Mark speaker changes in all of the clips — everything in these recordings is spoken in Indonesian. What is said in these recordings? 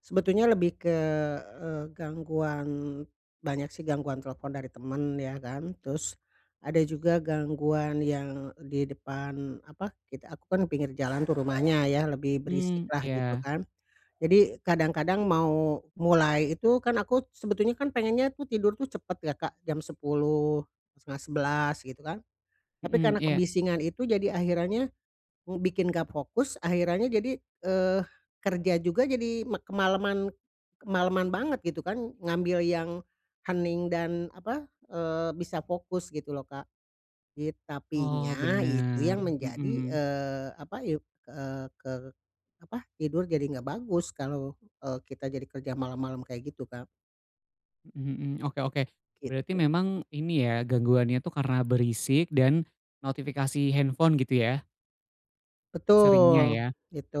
Speaker 1: Sebetulnya lebih ke, eee, gangguan, banyak sih gangguan telepon dari teman, ya kan. Terus, ada juga gangguan yang di depan, apa, kita aku kan pinggir jalan tuh rumahnya, ya, lebih berisik
Speaker 2: Mhm.
Speaker 1: lah, gitu
Speaker 2: Iya.
Speaker 1: kan. Jadi, kadang-kadang mau mulai itu, kan aku sebetulnya kan, pengennya tuh tidur cepat ya, Kak. Jam 10:00, 10:30, gitu kan. Tapi
Speaker 2: Mhm.
Speaker 1: karena
Speaker 2: Iya.
Speaker 1: kebisingan itu, jadi akhirannya, mmm, bikin nggak fokus. Akhirannya jadi, eh, kerja juga jadi, mak kemalaman, kemalaman banget, gitu kan. Ngambil yang hening dan, apa, eee, bisa fokus, gitu loh, Kak. Yet tapi
Speaker 2: Oh,
Speaker 1: nya, itu
Speaker 2: benar.
Speaker 1: yang menjadi,
Speaker 2: Mhm.
Speaker 1: eee, apa, yuk eee, apa, tidur jadi nggak bagus. Kalau, eee, kita jadi kerja malam-malam kayak gitu kan.
Speaker 2: Mhm mhm. Oke oke. Berarti
Speaker 1: Gitu.
Speaker 2: memang, ini ya, gangguannya tuh, karena berisik dan notifikasi handphone, gitu ya? Seringnya, ya.
Speaker 1: Betul.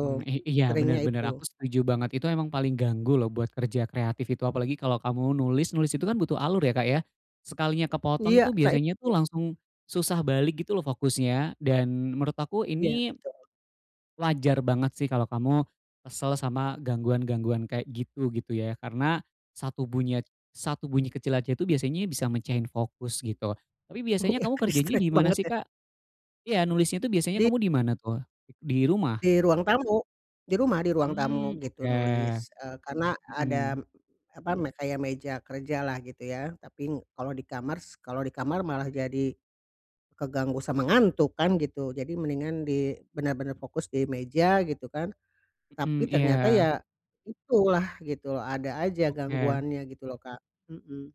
Speaker 2: Mmm, i iya,
Speaker 1: seringnya
Speaker 2: benar benar.
Speaker 1: itu.
Speaker 2: Aku setuju banget. Itu emang paling ganggu, loh. Buat kerja kreatif itu. Apalagi kalo kamu nulis, nulis itu kan butuh alur ya, Kak, ya? Sekalinya kepotong,
Speaker 1: Iya.
Speaker 2: itu
Speaker 1: Baik.
Speaker 2: biasanya tuh,
Speaker 1: Ya.
Speaker 2: langsung susah balik, gitu loh, fokusnya. Dan, menurut aku
Speaker 1: Iya.
Speaker 2: ini,
Speaker 1: Betul.
Speaker 2: wajar banget, sih. Kalau kamu, kesel sama gangguan-gangguan kayak gitu, gitu ya. Karena, 1 bunyi- 1 bunyi kecil aja itu, biasanya bisa mecahin fokus, gitu. Tapi biasanya
Speaker 1: Iya.
Speaker 2: kamu kerjanya
Speaker 1: Distract
Speaker 2: di mana
Speaker 1: banget,
Speaker 2: sih,
Speaker 1: ya?
Speaker 2: Kak? Iya, nulisnya itu, biasanya
Speaker 1: Di
Speaker 2: kamu di mana tuh? Di rumah?
Speaker 1: Di ruang tamu. Di rumah, di ruang tamu,
Speaker 2: Mhm.
Speaker 1: gitu,
Speaker 2: Oke.
Speaker 1: nulis, eee, karena ada,
Speaker 2: Mhm.
Speaker 1: apa, me kayak meja kerja lah, gitu ya. Tapi, kalau di kamar s kalau di kamar, malah jadi, keganggu sama ngantuk, kan gitu. Jadi, mendingan di benar-benar fokus di meja, gitu kan.
Speaker 2: Mhm.
Speaker 1: Tapi ternyata,
Speaker 2: Iya.
Speaker 1: ya, itu lah, gitu loh. Ada aja
Speaker 2: Oke.
Speaker 1: gangguannya, gitu loh, Kak. Mhm.